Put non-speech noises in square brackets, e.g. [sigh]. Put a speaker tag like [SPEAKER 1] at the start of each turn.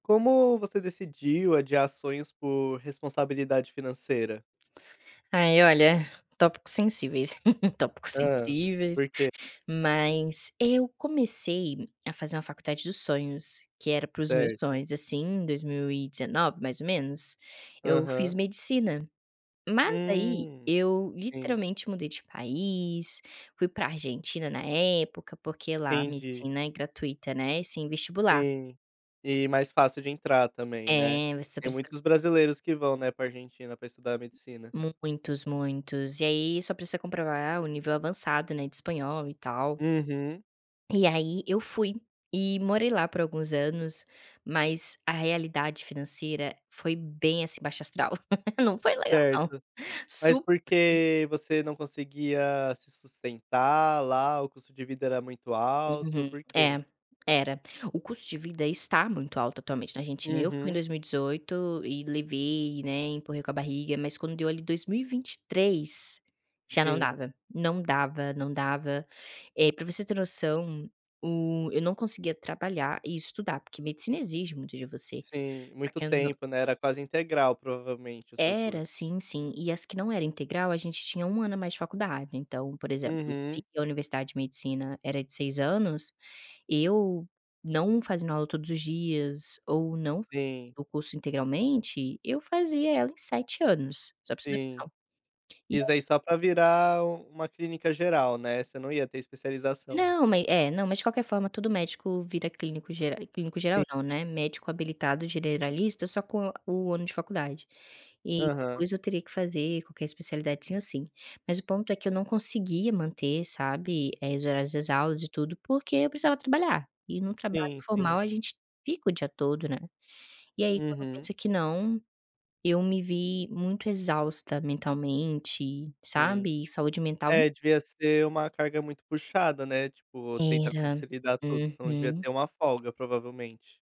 [SPEAKER 1] Como você decidiu adiar sonhos por responsabilidade financeira?
[SPEAKER 2] Ai olha, tópicos sensíveis, [chuckles] tópicos
[SPEAKER 1] Hã,
[SPEAKER 2] sensíveis,
[SPEAKER 1] por quê?
[SPEAKER 2] mas eu comecei a fazer uma faculdade dos sonhos que era para os meus
[SPEAKER 1] Certo.
[SPEAKER 2] sonhos, assim, em 2019 mais ou menos, eu fiz
[SPEAKER 1] Aham.
[SPEAKER 2] medicina. Mas aí
[SPEAKER 1] Hum,
[SPEAKER 2] eu
[SPEAKER 1] sim.
[SPEAKER 2] literalmente mudei de país, fui pra Argentina na época, porque lá
[SPEAKER 1] Entendi.
[SPEAKER 2] medicina é gratuita, né, e sem vestibular.
[SPEAKER 1] Sim. E mais fácil de entrar também, né,
[SPEAKER 2] É, você só
[SPEAKER 1] tem
[SPEAKER 2] precisa
[SPEAKER 1] muitos brasileiros que vão, né, pra Argentina pra estudar medicina.
[SPEAKER 2] Muitos, muitos. E aí só precisa comprovar o nível avançado, né, de Espanhol e tal
[SPEAKER 1] Uhum.
[SPEAKER 2] e aí eu fui e morei lá por alguns anos, mas a realidade financeira foi bem, assim, baixo astral, [chuckles] não foi legal não.
[SPEAKER 1] Certo,
[SPEAKER 2] [chuckles]
[SPEAKER 1] mas
[SPEAKER 2] Sup
[SPEAKER 1] por quê você não conseguia se sustentar lá, o custo de vida era muito alto,
[SPEAKER 2] Uhum.
[SPEAKER 1] por quê?
[SPEAKER 2] É, era. O custo de vida está muito alto atualmente na Argentina. Eu fui em
[SPEAKER 1] Uhum.
[SPEAKER 2] 2018 e levei, né, empurrei com a barriga, mas quando deu ali 2023 já não
[SPEAKER 1] Sim.
[SPEAKER 2] dava, não dava, não dava, eh, pra você ter noção o eu não conseguia trabalhar e estudar, porque medicina exige muito de você.
[SPEAKER 1] Sim,
[SPEAKER 2] Só
[SPEAKER 1] muito
[SPEAKER 2] que eu nã
[SPEAKER 1] tempo né, era quase integral provavelmente o seu
[SPEAKER 2] Era,
[SPEAKER 1] curso.
[SPEAKER 2] assim sim. E as que não era integral a gente tinha 1 ano a mais de faculdade, então, por exemplo, se
[SPEAKER 1] Uhum.
[SPEAKER 2] a universidade de medicina era de 6 anos, eu não fazendo aula todos os dias ou não
[SPEAKER 1] Sim.
[SPEAKER 2] o curso integralmente, eu fazia ela em 7 anos, só pra você ter
[SPEAKER 1] Sim.
[SPEAKER 2] noção. E a
[SPEAKER 1] Isso aí só para virar u uma clínica geral, né, você não ia ter especialização.
[SPEAKER 2] Não, ma é, não, mas de qualquer forma todo médico vira clínico ger clínico
[SPEAKER 1] Sim.
[SPEAKER 2] geral não, né, médico habilitado generalista só com a o ano de faculdade. E
[SPEAKER 1] Aham.
[SPEAKER 2] depois eu teria que fazer qualquer especialidade sim ou sim. Mas o ponto é que eu não conseguia manter, sabe, eh, os horários das aulas e tudo porque eu precisava trabalhar e num trabalho
[SPEAKER 1] Sim,
[SPEAKER 2] formal
[SPEAKER 1] sim.
[SPEAKER 2] a gente fica o dia todo, né. E aí quando
[SPEAKER 1] Uhum.
[SPEAKER 2] pensa que não, eu me vi muito exausta mentalmente,
[SPEAKER 1] Sim.
[SPEAKER 2] sabe, saúde mental
[SPEAKER 1] É, devia ser uma carga muito puxada, né, tipo, tenta
[SPEAKER 2] Era.
[SPEAKER 1] consolidar tudo, você não devia
[SPEAKER 2] Uhum.
[SPEAKER 1] ter uma folga provavelmente.